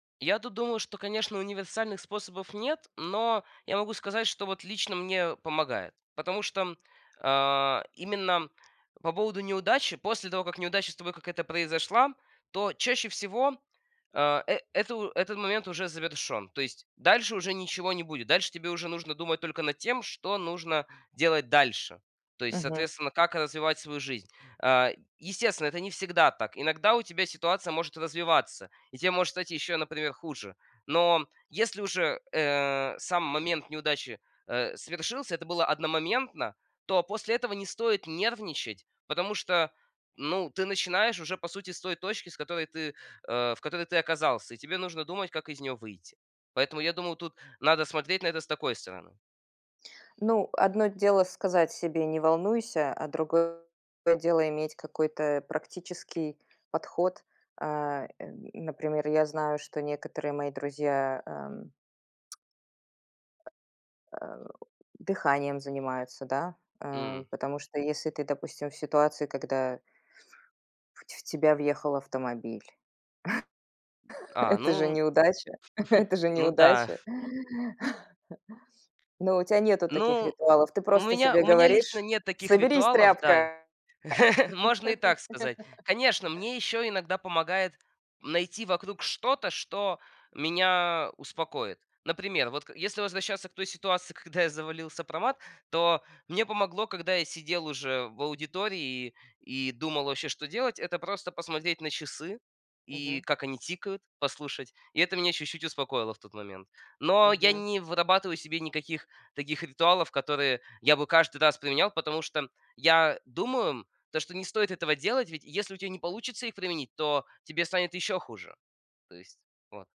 Я тут думаю, что, конечно, универсальных способов нет, но я могу сказать, что вот лично мне помогает, потому что, а, именно по поводу неудачи. После того, как неудача с тобой какая-то произошла, то чаще всего, а, э, это у этот момент уже завершён. То есть дальше уже ничего не будет. Дальше тебе уже нужно думать только над тем, что нужно делать дальше. То есть, Мгм. соответственно, как развивать свою жизнь. А, естественно, это не всегда так. Иногда у тебя ситуация может развиваться, и те может стать ещё, например, хуже. Но если уже, э, сам момент неудачи, э, совершился, это было одномоментно, то после этого не стоит нервничать, потому что, ну, ты начинаешь уже, по сути, с той точки, с которой ты, э, в которой ты оказался. И тебе нужно думать, как из неё выйти. Поэтому я думаю, тут надо смотреть на это с такой стороны. Ну, одно дело сказать себе: "Не волнуйся", а другое дело иметь какой-то практический подход. А, эм, например, я знаю, что некоторые мои друзья, ам А, о дыханием занимаются, да? А, М. потому что, если ты, допустим, в ситуации, когда в ть в тебя въехал автомобиль. А, Это же ну неудача. Это же ну да. неудача. Но у тя нету таких Ну, ритуалов. Ты у просто меня себе у меня лично говоришь: нет таких "Соберись, ритуалов, да, и тряпка". Можно и так сказать. Конечно, мне ещё иногда помогает найти вокруг что-то, что меня успокоит. Например, вот к если возвращаться к той ситуации, когда я завалил сопромат, то мне помогло, когда я сидел уже в аудитории и и думал вообще, что делать- это просто посмотреть на часы и Мгм. как они тикают, послушать. И это меня чуть-чуть успокоило в тот момент. Но я Мгм. не вырабатываю себе никаких таких ритуалов, которые я бы каждый раз применял, потому что я думаю, м, то, что не стоит этого делать. Ведь если у тя не получится их применить, то тебе станет ещё хуже. То есть вот.